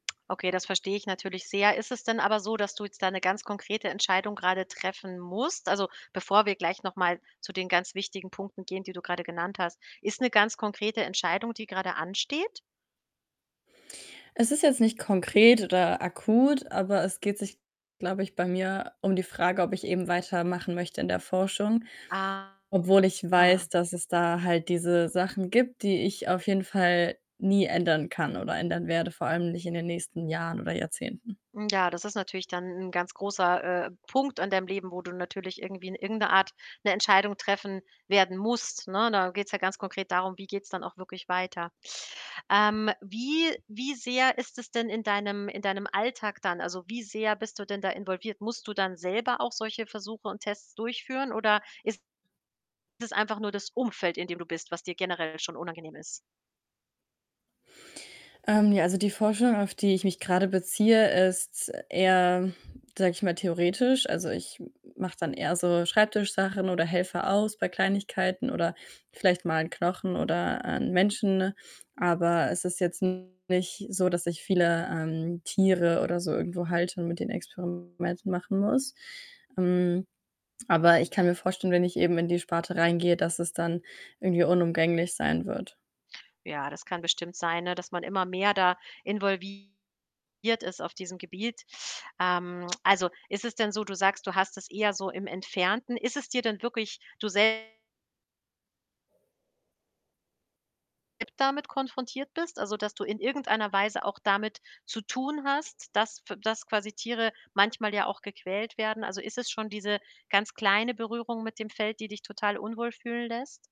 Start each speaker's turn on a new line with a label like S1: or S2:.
S1: Okay, das verstehe ich natürlich sehr. Ist es denn aber so, dass du jetzt da ‘ne ganz konkrete Entscheidung grade treffen musst? Also, bevor wir gleich noch mal zu den ganz wichtigen Punkten gehen, die du grade genannt hast, ist ‘ne ganz konkrete Entscheidung, die grade ansteht?
S2: Es ist jetzt nicht konkret oder akut, aber es geht sich, glaube ich, bei mir um die Frage, ob ich eben weitermachen möchte in der Forschung,
S1: Aha.
S2: obwohl ich weiß, dass es da halt diese Sachen gibt, die ich auf jeden Fall nie ändern kann oder ändern werde, vor allem nicht in den nächsten Jahren oder Jahrzehnten.
S1: Hm, ja, das ist natürlich dann ‘n ganz großer, äh, Punkt an deinem Leben, wo du natürlich irgendwie in irgendeiner Art ‘ne Entscheidung treffen werden musst, ne? Da geht‘s ja ganz konkret darum, wie geht‘s dann auch wirklich weiter? Ähm, wie wie sehr ist es denn in deinem in deinem Alltag dann? Also, wie sehr bist du denn da involviert? Musst du dann selber auch solche Versuche und Tests durchführen oder ist das einfach nur das Umfeld, in dem du bist, was dir generell schon unangenehm ist?
S2: Ähm, ja, also, die Forschung, auf die ich mich grade beziehe, ist eher, sage ich mal, theoretisch. Also, ich m mache dann eher so Schreibtisch-Sachen oder helfe aus bei Kleinigkeiten oder vielleicht mal ‘n Knochen oder ‘n Menschen, ne, aber es ist jetzt nicht so, dass ich viele, ähm, Tiere oder so irgendwo halte und mit denen Experimente machen muss. Hm, aber ich kann mir vorstellen, wenn ich eben in die Sparte reingehe, dass es dann irgendwie unumgänglich sein wird.
S1: Ja, das kann bestimmt sein, ne, dass man immer mehr da involviert ist auf diesem Gebiet. Ähm, also, ist es denn so du sagst, du hast es eher so im Entfernten? Ist es dir denn wirklich, du selb [unintelligible] damit konfrontiert bist? Also, dass du in irgendeiner Weise auch damit zu tun hast, dass f dass quasi Tiere manchmal ja auch gequält werden? Also, ist es schon diese ganz kleine Berührung mit dem Feld, die dich total unwohl fühlen lässt?